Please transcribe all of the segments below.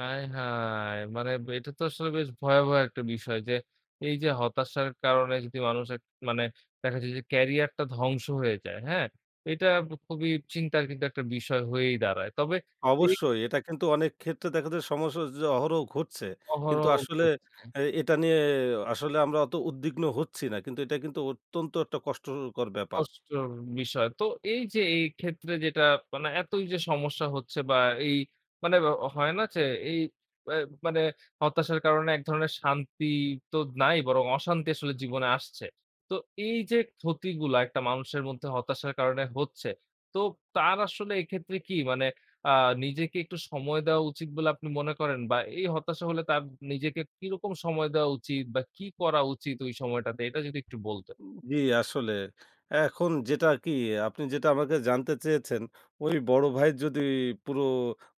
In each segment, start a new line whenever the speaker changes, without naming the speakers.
আয় হায়! মানে এটা তো আসলে বেশ ভয়াবহ একটা বিষয় যে এই যে হতাশার কারণে যদি মানুষের, মানে দেখা যায় যে ক্যারিয়ারটা ধ্বংস হয়ে যায়। হ্যাঁ? এইটা খুবই চিন্তার কিন্তু একটা বিষয় হয়েই দাঁড়ায়। তবে এই
অবশ্যই। এটা কিন্তু অনেক ক্ষেত্রে দেখা যায় সমস্যা যে অহরহ ঘটছে। কিন্তু
অহরহ
আসলে
ঘটছে।
এই এটা নিয়ে আসলে আমরা অত উদ্বিগ্ন হচ্ছি না। কিন্তু এটা কিন্তু অত্যন্ত একটা কষ্টকর ব্যাপার।
কষ্টর বিষয়। তো এই যে, এই ক্ষেত্রে যেটা, মানে এতই যে সমস্যা হচ্ছে বা এই মানে হয় না যে এই অ্যা মানে হতাশার কারণে এক ধরনের শান্তি তো নাই বরং অশান্তি আসলে জীবনে আসছে। তো এই যে ক্ষতিগুলা একটা মানুষের মধ্যে হতাশার কারণে হচ্ছে, তো তার আসলে এক্ষেত্রে কী, মানে আ নিজেকে একটু সময় দেওয়া উচিত বলে আপনি মনে করেন? বা এই হতাশা হলে তার নিজেকে কীরকম সময় দেওয়া উচিত বা কী করা উচিত ওই সময়টাতে, এটা যদি একটু বলতেন?
উম জি, আসলে। এখন যেটা কী, আপনি যেটা আমাকে জানতে চেয়েছেন? ওই বড় ভাইয়ের যদি পুরো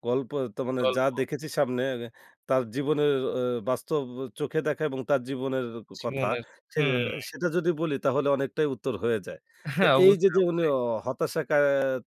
গল্প তো মানে যা
গল্প।
দেখেছি সামনে অ্যা তার জীবনের অ্যা বাস্তব চোখে দেখা এবং তার জীবনের ক কথা,
জীবনের,
সে
হুম।
সেটা যদি বলি, তাহলে অনেকটাই উত্তর হয়ে যায়। তো
হ্যাঁ
এই যে,
অবশ্যই,
যে, উনি
অবশ্যই।
অ হতাশা কা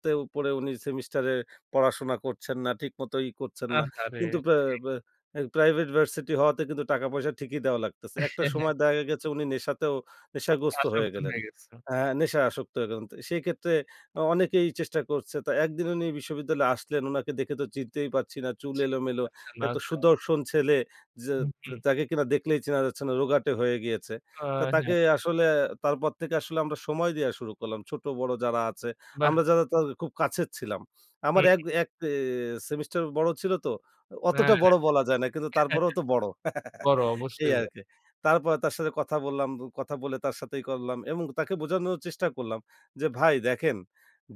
তেও পড়ে উনি সেমিস্টারে পড়াশোনা করছেন না, ঠিকমতো ই করছেন না।
আহারে!
কিন্তু পা
জি।
পা ওই প্রাইভেট ভার্সিটি হওয়াতে কিন্তু টাকা-পয়সা ঠিকই দেয়া লাগতেসে। একটা সময় দেখা গেছে উনি নেশাতেও নেশাগ্রস্ত হয়ে
আসক্ত
গেলেন।
হয়ে গেছে।
হ্যাঁ, নেশায় আসক্ত হয়ে গেলেন। তো সেইক্ষেত্রে অ অনেকেই চেষ্টা করছে। তো একদিন উনি বিশ্ববিদ্যালয়ে আসলেন। উনাকে দেখে তো চিনতেই পারছি না। চুল
চিনতেই
এলোমেলো।
পারছে না।
একটা
আচ্ছা।
সুদর্শন ছেলে যে
হু,
তে
হুম।
তাকে কিনা দেখলেই চেনা যাচ্ছে না। রোগাটে হয়ে গিয়েছে।
আ
তো তাকে
হ্যাঁ।
আসলে তারপর থেকে আসলে আমরা সময় দেয়া শুরু করলাম ছোট-বড় যারা আছে,
বাহ!
আমরা যারা তার খুব কাছের ছিলাম।
হুম,
আমার
হু।
এক, এক এ সেমিস্টার বড় ছিল তো। অ
হ্যাঁ।
অতটা বড় বলা যায় না। কিন্তু তারপরেও তো বড়
বড়
এই
অবশ্যই বড়।
আরকি। তারপরে তার সাথে কথা বললাম। বো কথা বলে তার সাথে ই করলাম এবং তাকে বোঝানোর চেষ্টা করলাম যে, ভাই দেখেন,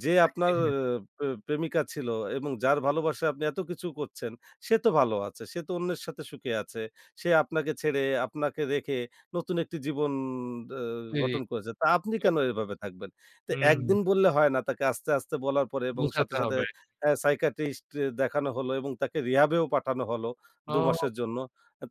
যে
[unintelligible]
আপনার
হ্যাঁ।
প্রে প্রেমিকা ছিল এবং যার ভালোবাসায় আপনি এত কিছু করছেন, সে তো ভালো আছে। সে তো অন্যের সাথে সুখে আছে। সে আপনাকে ছেড়ে, আপনাকে রেখে নতুন একটি জীবন অ গঠন করেছে। তা আপনি কেন
[unintelligible]
এভাবে থাকবেন? তো
হুম।
একদিন বললে হয় না, তাকে আস্তে, আস্তে, বলার পরে এবং সাথে,
বুঝাতে
সাথে,
হবে আর
অ্যা সাইকিয়াট্রিস্ট দেখানো হলো। এবং তাকে রিহ্যাবেও পাঠানো হলো
ও!
দু-মাসের জন্য।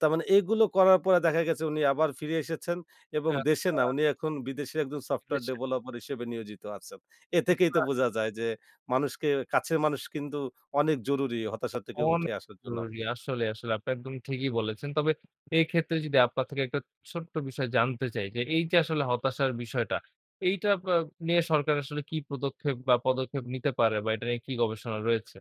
তার মানে এগুলো করার পরে দেখা গেছে উনি আবার ফিরে এসেছেন এবং দেশে
আচ্ছা।
না, উনি এখন বিদেশে একজন সফটওয়্যার
[unintelligible]
ডেভেলপার হিসেবে নিয়োজিত আছেন। এ থেকেই তো
[unintelligible]
বোঝা যায় যে মানুষকে কাছের মানুষ কিন্তু অনেক জরুরি হতাশা থেকে
অনে
উঠে আসার জন্য।
জরুরি আসলেই, আসলেই। আপনি একদম ঠিকই বলেছেন। তবে এক্ষেত্রে যদি আপনার থেকে একটা ছোট্ট বিষয় জানতে চাই। যে এই যে আসলে হতাশার বিষয়টা, এইটা পা আ নিয়ে সরকার আসলে কী প্রদক্ষেপ বা পদক্ষেপ নিতে পারে বা এটা নিয়ে কী গবেষণা রয়েছে?